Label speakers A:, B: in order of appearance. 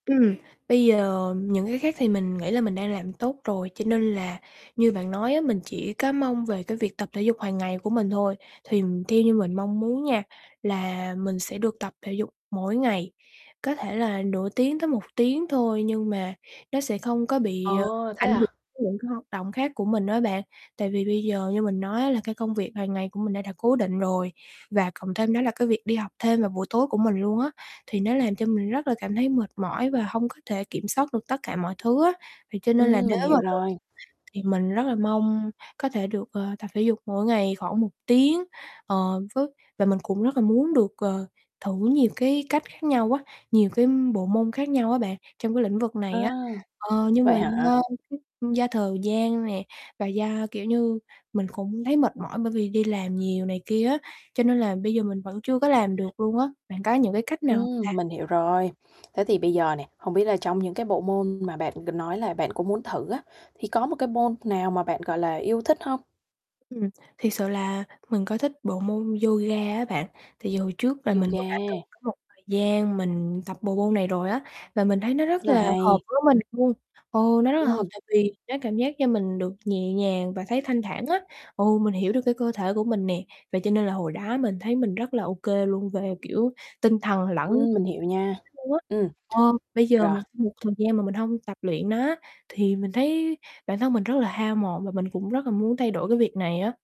A: Ừm, bây giờ những cái khác thì mình nghĩ là mình đang làm tốt rồi, cho nên là như bạn nói á, mình chỉ có mong về cái việc tập thể dục hàng ngày của mình thôi. Thì theo như mình mong muốn nha, là mình sẽ được tập thể dục mỗi ngày, có thể là nửa tiếng tới 1 tiếng thôi nhưng mà nó sẽ không có bị,
B: Ờ,
A: ờ,
B: thế
A: ảnh hưởng
B: à?
A: đến những cái hoạt động khác của mình á bạn. Tại vì bây giờ như mình nói á là cái công việc hàng ngày của mình nó đã cố định rồi và cộng thêm đó là cái việc đi học thêm vào buổi tối của mình luôn á, thì nó làm cho mình rất là cảm thấy mệt mỏi và hông có thể kiểm soát được tất cả mọi thứ á. Thì cho nên là
B: Ừm,
A: nếu
B: mình
A: mà
B: hiểu
A: được
B: rồi.
A: thì mình rất là mong có thể được, ờ, tập thể dục mỗi ngày khoảng 1 tiếng. Ờ, với và mình cũng rất là muốn được, ờ, thử nhiều cái cách khác nhau á, nhiều cái bộ môn khác nhau á, bạn, trong cái lĩnh vực
B: À.
A: này á. Ờ, nhưng mà
B: Vậy hả?
A: do cái do thời gian nè, và do, kiểu như, mình cũng thấy mệt mỏi bởi vì đi làm nhiều này kia á, cho nên là bây giờ mình vẫn chưa có làm được luôn á. Bạn có những cái cách nào hông ta?
B: Ừm, mình hiểu rồi. Thế thì bây giờ nè, hông biết là trong những cái bộ môn mà bạn nói là bạn cũng muốn thử á, thì có một cái môn nào mà bạn, gọi là, yêu thích hông?
A: Ừm, thiệt sự là mình có thích bộ môn yoga á bạn. Thì hồi trước là mình cũng đã từng
B: Yoga.
A: có một thời gian mình tập bộ môn này rồi á, và mình thấy nó rất
B: Là
A: là hợp
B: hay.
A: với mình luôn. Ừ, nó rất là hợp
B: Ừm.
A: tại vì nó cảm giác như mình được nhẹ nhàng và thấy thanh thản á, ừ, mình hiểu được cái cơ thể của mình nè. Vậy cho nên là hồi đó mình thấy mình rất là ô kê luôn về, kiểu, tinh thần lẫn
B: Ừm, mình hiểu nha,
A: luôn á.
B: ừm.
A: Ờ, bây giờ một
B: Rồi.
A: một thời gian mà mình hông tập luyện nó á, thì mình thấy bản thân mình rất là hao mòn và mình cũng rất là muốn thay đổi cái việc này á.